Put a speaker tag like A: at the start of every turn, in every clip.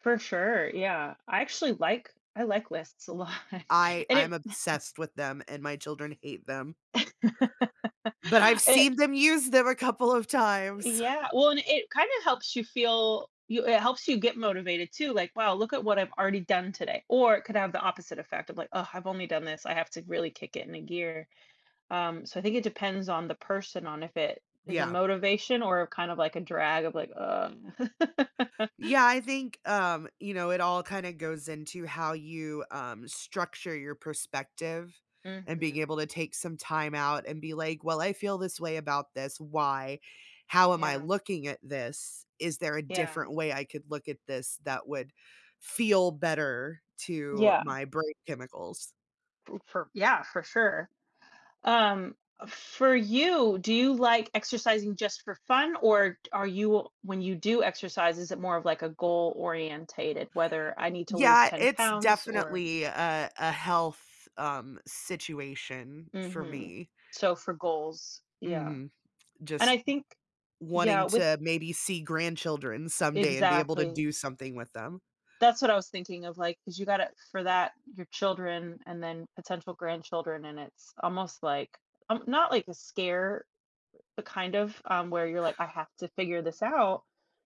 A: For sure, yeah, I actually like I like lists a lot,
B: I
A: and
B: I'm
A: it
B: obsessed with them, and my children hate them. But I've
A: It
B: seen them use them a couple of times.
A: Yeah, well and it kinda helps you feel, you it helps you get motivated too, like, "Wow, look at what I've already done today." Or, it could have the opposite effect of like, "Ugh, I've only done this, I have to really kick it in a gear." Um, so I think it depends on the person on if it is a
B: Yeah.
A: motivation or kind of, like, a drag of, like, "Ugh."
B: Yeah, I think, um, you know it all kinda goes into how you, um, structure your perspective and being
A: Mhm.
B: able to take some time out and be like, "Well, I feel this way about this, why? How am I
A: Yeah.
B: looking at this? Is there a
A: Yeah.
B: different way I could look at this that would feel better to
A: Yeah.
B: my brain chemicals?"
A: Ooh, for yeah, for sure. Um, for you, do you like exercising just for fun? Or, are you when you do exercise, is it more of like, a goal-orientated, whether, "I need to lose
B: Yeah,
A: 10
B: it's
A: pounds, or"
B: definitely a a health, um, situation for
A: Mhm.
B: me.
A: So for goals yeah.
B: Mhm.
A: And I
B: Just
A: think
B: w
A: yeah,
B: wanting
A: with
B: to maybe see grandchildren someday and be able to
A: Exactly.
B: do something with them.
A: That's what I was thinking of, like, 'cause you gotta for that, your children and then potential grandchildren, and it's almost like, um not like the scare, but kind of, um, where you're like, "I have to figure this out,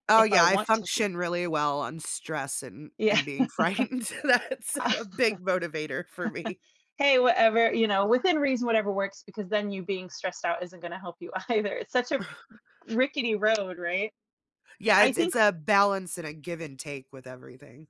B: Oh,
A: if I
B: yeah, I
A: want to see."
B: function really well on stress and
A: Yeah.
B: and being frightened, that's a big motivator for me.
A: Hey, whatever you know, within reason, whatever works, because then you being stressed out isn't gonna help you either, it's such a rickety road, right?
B: Yeah,
A: I
B: it's
A: think
B: it's a balance and a give-and-take with everything.